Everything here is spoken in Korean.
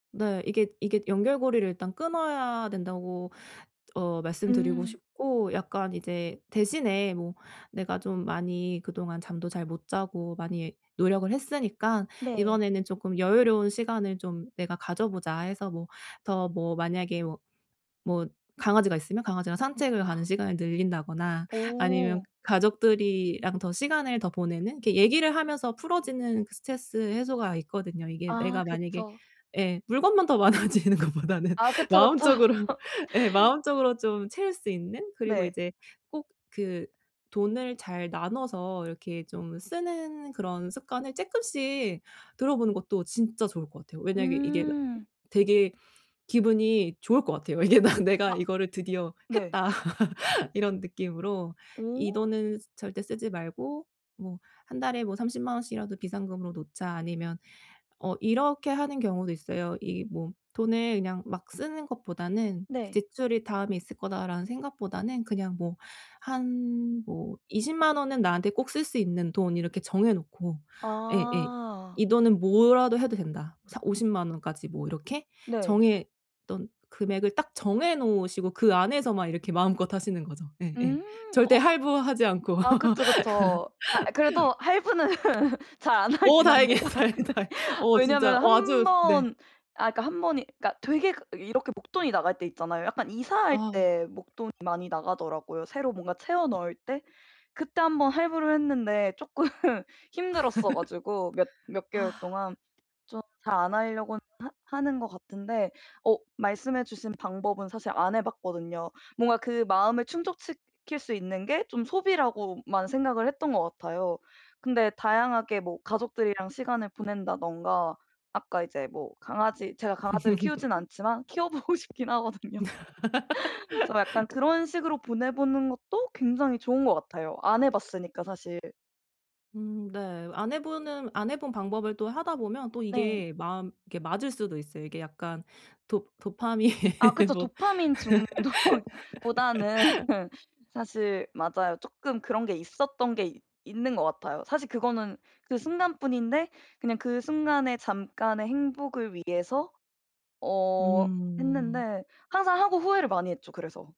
네. 이게 이게 연결고리를 일단 끊어야 된다고 어 말씀드리고 음. 싶고 약간 이제 대신에 뭐 "내가 좀 많이 그동안 잠도 잘 못 자고 많이 노력을 했으니까 네. 이번에는 쪼끔 여유로운 시간을 좀 내가 가져 보자." 해서 뭐 더 뭐 만약에 뭐 뭐 강아지가 있으면 강아지랑 산책을 가는 시간을 늘린다거나 아니면 오. 가족들이랑 시간을 더 보내는 이렇게 얘기를 하면서 풀어지는 그 스트레스 해소가 있거든요. 이게 아. 내가 만약에 그쵸. 예 물건만 더 많아지는 것보다는 아 그쵸 그쵸. 마음적으로 예 마음적으로 좀 채울 수 있는. 그리고 네. 이제 꼭 그 돈을 잘 나눠서 이렇게 좀 쓰는 그런 습관을 쬐끔씩 들어보는 것도 진짜 좋을 것 같아요. 왜냐하면 이게 다 음. 되게 기분이 좋을 것 같아요. 왜냐하면 아. '내가 이거를 드디어 네. 했다.' 이런 느낌으로 이 오? 돈은 쓰 절대 쓰지 말고 뭐 "1 달에 뭐 300,000 원씩이라도 비상금으로 놓자." 아니면 어 이렇게 하는 경우도 있어요. 이 뭐 돈을 그냥 막 쓰는 것보다는 '그 네. 지출이 다음에 있을 거다.'라는 생각보다는 그냥 뭐 한 뭐 '200,000 원은 나한테 꼭 쓸 수 있는 돈.' 이렇게 정해 놓고 예예. 아. '이 돈은 뭐라도 해도 된다.' 사 오십만 원까지 뭐 이렇게 네. 정했던 금액을 딱 정해 놓으시고 그 안에서만 이렇게 마음껏 하시는 거죠. 예예. 음. 절대 어 할부하지 않고. 아 그쵸, 그쵸. 아 그래도 할부는 잘 안 어 하긴 다행이에요. 합니다. 다행, 네. 다행. 어 진짜. 왜냐하면 1 어 아주 스 네. 번 아 그러니까 1 번이 그러니까 되게 그 이렇게 목돈이 나갈 때 있잖아요. 약간 이사할 아. 때 목돈이 많이 나가더라고요, 새로 뭔가 채워 넣을 때. 그때 한번 할부를 했는데 쪼끔 힘들었어 가지고 몇 몇 개월 동안 좀 잘 안 그 하려고는 하 하는 것 같은데 어 말씀해 주신 방법은 사실 안 해봤거든요. 뭔가 그 마음을 충족시킬 수 있는 게 좀 소비라고만 생각을 했던 것 같아요. 근데 다양하게 뭐 가족들이랑 시간을 보낸다든가 아까 이제 뭐 강아지 제가 강아지를 키우진 않지만 키워 보고 싶긴 하거든요. 좀 약간 그런 식으로 보내 보는 것도 굉장히 좋은 것 같아요. 안 해봤으니까 사실. 음 네. 안 해 보는 안 해 본 방법을 또 하다 보면 또 네. 이게 마음 이게 맞을 수도 있어요. 이게 약간 도 도파민 아 그쵸. 뭐 도파민 중독보다는 사실 맞아요. 쪼끔 그런 게 있었던 게 있 있는 것 같아요. 사실 그거는 그 순간뿐인데 그냥 그 순간에 잠깐의 행복을 위해서 어 음. 했는데 항상 하고 후회를 많이 했죠 그래서.